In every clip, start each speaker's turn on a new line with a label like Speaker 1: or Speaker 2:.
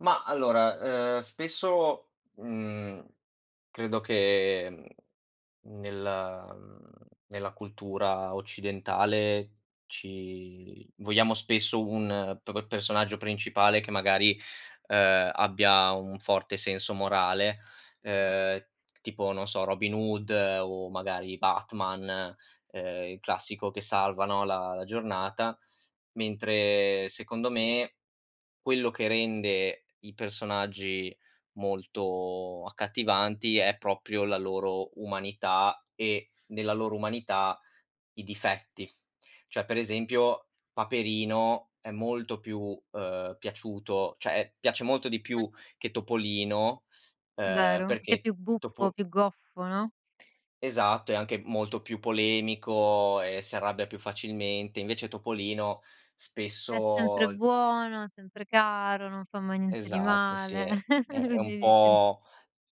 Speaker 1: Mah, allora, ehm, spesso, mhmm, credo che, mhmm, nel mhmm, nella cultura occidentale ci vogliamo spesso un p p personaggio principale che magari, uhm, abbia un forte senso morale,
Speaker 2: Mh-mh.
Speaker 1: uhm, tipo non so, Robin Hood o magari Batman, uhm, il classico che salva, no, la la giornata, mentre secondo me, quello che rende i personaggi molto accattivanti è proprio la loro umanità, e nella loro umanità i difetti. Cioè per esempio, Paperino è molto più, uhm, piaciuto, cioè e piace molto di più che Topolino, uhm,
Speaker 2: Vero. Che è
Speaker 1: perché
Speaker 2: più buffo,
Speaker 1: Topo
Speaker 2: più goffo, no?
Speaker 1: Esatto, è anche molto più polemico e s'arrabbia più facilmente. Invece Topolino
Speaker 2: È sempre
Speaker 1: spesso
Speaker 2: buono, sempre caro, non fa mai niente di
Speaker 1: Esatto sì,
Speaker 2: male.
Speaker 1: è è è
Speaker 2: Quindi
Speaker 1: un
Speaker 2: dici
Speaker 1: po'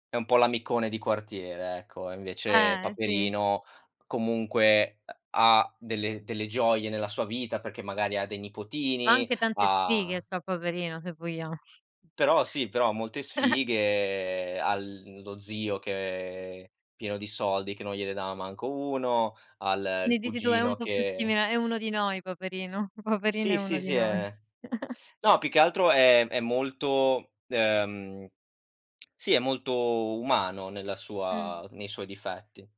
Speaker 1: è un po' l'amicone di quartiere, ecco. E invece
Speaker 2: Eh, sì.
Speaker 1: Paperino, comunque, uh, ha delle delle gioie nella sua vita, perché magari ha dei
Speaker 2: Ma
Speaker 1: nipotini,
Speaker 2: anche tante sfighe
Speaker 1: ha
Speaker 2: c'ha Paperino, se vogliamo.
Speaker 1: Però sì, però ha molte sfighe, ha l lo zio che è pieno di soldi, che non gliele dava manco 1, ha l
Speaker 2: Quindi
Speaker 1: il
Speaker 2: dici tu: "È un
Speaker 1: cugino
Speaker 2: po' più
Speaker 1: che
Speaker 2: simile è uno di noi Paperino, Paperino è
Speaker 1: Sì, sì,
Speaker 2: uno di
Speaker 1: sì
Speaker 2: noi".
Speaker 1: è no, più che altro è è molto, uhm, sì, è molto umano nella
Speaker 2: Mh.
Speaker 1: sua nei suoi difetti.